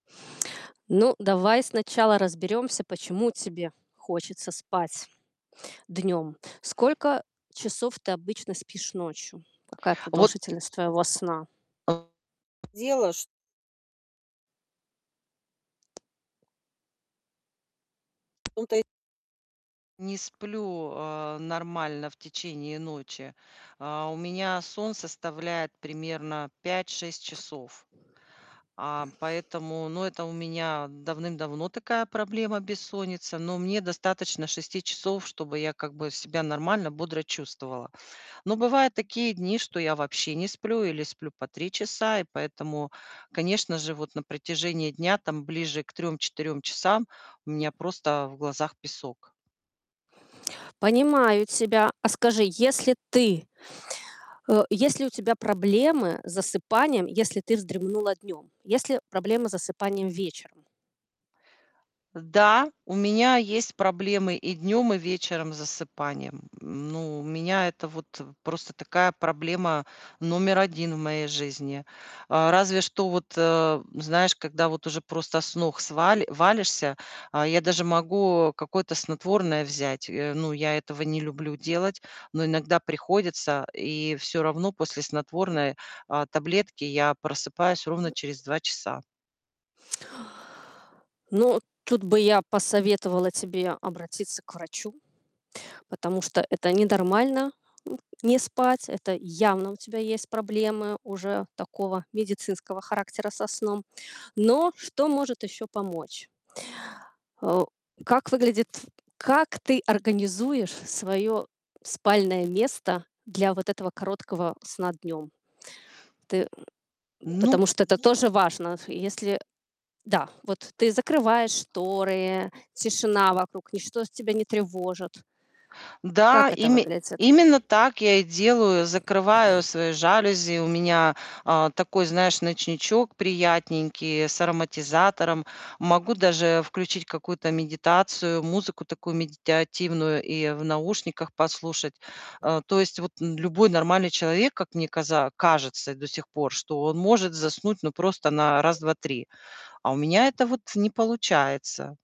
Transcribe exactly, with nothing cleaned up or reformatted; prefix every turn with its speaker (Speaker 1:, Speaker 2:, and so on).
Speaker 1: Ну, давай сначала разберёмся, почему тебе хочется спать днём. Сколько часов ты обычно спишь ночью? Какая
Speaker 2: А вот
Speaker 1: продолжительность твоего сна?
Speaker 2: э, дело ш в том-то и не сплю, э, нормально в течение ночи. А, у меня сон составляет примерно пять шесть часов. А поэтому ну, это у меня давным-давно такая проблема, бессонница. Но мне достаточно шести часов, чтобы я, как бы, себя нормально, бодро чувствовала. Но бывают такие дни, что я вообще не сплю или сплю по три часа. И поэтому, конечно же, вот на протяжении дня, там, ближе к трем-четырем трем четырем часам у меня просто в глазах песок.
Speaker 1: Понимаю тебя. А скажи, если ты э, есть у тебя проблемы с засыпанием, если ты вздремнула днём, есть ли проблемы с засыпанием вечером?
Speaker 2: Э, да, у меня есть проблемы и днем, и вечером с засыпанием. М, ну, у меня это вот, э, просто такая проблема номер один в моей жизни. А, разве что вот, э, знаешь, когда вот уже просто с ног сва валишься, а, я даже могу какое-то снотворное взять. Э, ну, я этого не люблю делать, но иногда приходится. И всё равно после снотворной, а, таблетки я просыпаюсь ровно через два два часа.
Speaker 1: Ну, тут бы я посоветовала тебе обратиться к врачу, потому что это ненормально, м, не спать. Это явно у тебя есть проблемы уже такого медицинского характера со сном. Но, что может ещё помочь. А о как выглядит как ты организуешь своё спальное место для вот этого короткого, сна днём? Ты, м м,
Speaker 2: Ну
Speaker 1: потому что, это тоже важно. Ф если, э да, вот ты закрываешь шторы, тишина вокруг, ничто тебя не тревожит.
Speaker 2: Да,
Speaker 1: Как это
Speaker 2: име
Speaker 1: выглядит?
Speaker 2: именно так я и делаю. Закрываю свои жалюзи. У меня, а, такой, знаешь, ночничок приятненький с ароматизатором. Могу даже включить какую-то медитацию, музыку такую медитятивную и в наушниках послушать. А, то есть, вот н любой нормальный человек, как мне каза кажется до сих пор, что он может заснуть, ну, просто на раз, два, три. А у меня, это вот, не получается.